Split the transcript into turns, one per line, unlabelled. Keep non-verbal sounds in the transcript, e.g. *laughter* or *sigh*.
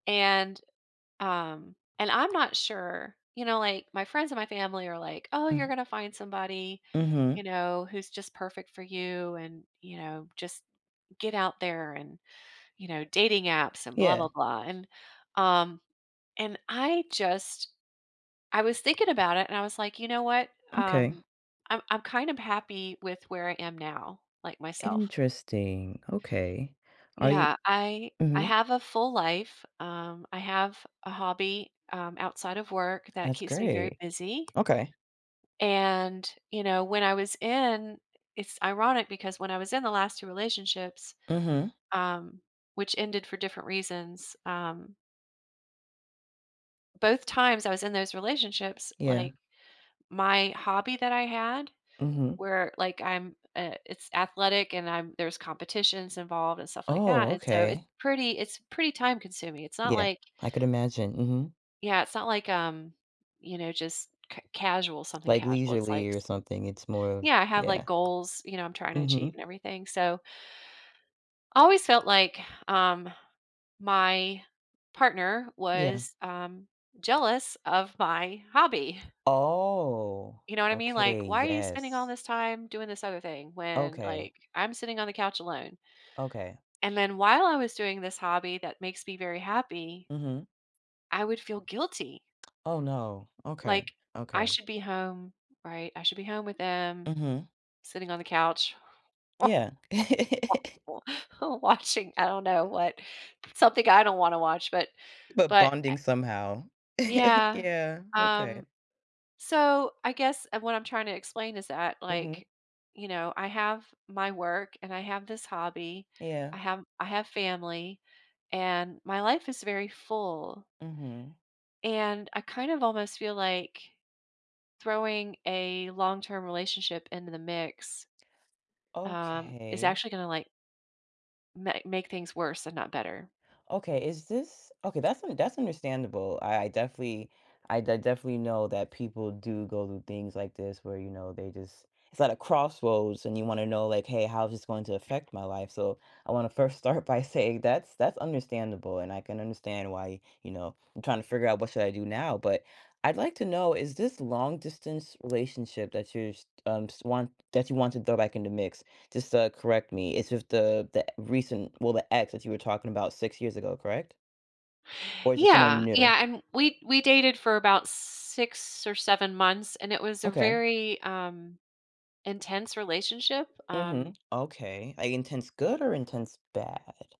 And, um and I'm not sure You know, like, my friends and my family are like, "Oh, you're
Mm.
gonna find somebody,"
Mhm.
you know, "who's just perfect for you and," you know, "just get out there and," you know, "dating apps, and blah
Yeah.
blah blah," and, um, and I just I was thinking about it, and I was like, "You know what,
Okay.
um, I'm I'm kind of happy with where I am now, like myself."
Interesting, okay. Are you
Yeah, I I
Mhm.
have a full life, um, I have a hobby, um, outside of work that
That's
keeps me very
great.
busy
Okay.
and, you know, when I was in It's ironic because when I was in the last 2 relationships,
Mhm.
um- which ended for different reasons- um both times I was in those relationships,
Yeah.
like, my hobby that I had,
Mhm.
where, like, I'm, uh it's athletic, and I'm there's competitions involved and stuff like
Oh,
that, and so, it's
okay.
pretty it's pretty time consuming, it's not
Yeah,
like
I could imagine. Mhm.
Yeah, it's not like, um, you know, just c casual something
Like,
casual, it's like
leisurely or
s
something, it's more of
Yeah, I have, like,
Yeah.
goals, you know, I'm tryna achieve
Mhm.
and everything. So always felt like, *exhales* um, my partner
Yeah.
was, um, jealous of my hobby
Oh,
you know what I mean,
okay,
like, "Why are you spending all
yes.
this time doing this other thing when,
Okay.
like, I'm sitting on the couch alone?"
Okay.
And then while I was doing this hobby that makes me very happy
Mhm.
I would feel guilty
Oh, no. Okay,
like, "I
okay.
should be home, right? I should be home with him,
Mhm.
sitting on the couch,
Yeah. *chuckles*
*laughs* watching" I don't know what but something I don't wanna watch, but
But
but I
bonding somehow. *chuckles*
Yeah,
Yeah. Okay.
um, so, I guess, uh, what I'm tryna explain is that,
Mhm.
like, you know, I have my work, and I have this hobby, I
Yeah.
have I have family, and my life is very full
Mhm.
and I kind of almost feel like, throwing a long-term relationship into the mix, um, is
Okay.
actually gonna, like ma make things worse and not better.
Okay, is this Okay, that's un that's understandable, I definitely I de definitely know that people do go through things like this where, you know, they just It's at a crossroads, and you wanna know, like, "Hey, how is this going to affect my life?" So I wanna first start by saying that's that's understandable, and I can understand why, you know, "I'm tryna figure out what should I do now." But I'd like to know, is this long-distance relationship that you just, um just want that you want to throw back in the mix- just to correct me- is just the the recent well, the ex that you were talking about 6 years ago, correct? Or is it someone
Yeah,
new?
yeah, and w we we dated for about 6 or 7 months, and it was a
Okay.
very, um, intense relationship,
Mhm.
um
Okay, like, intense good or intense bad?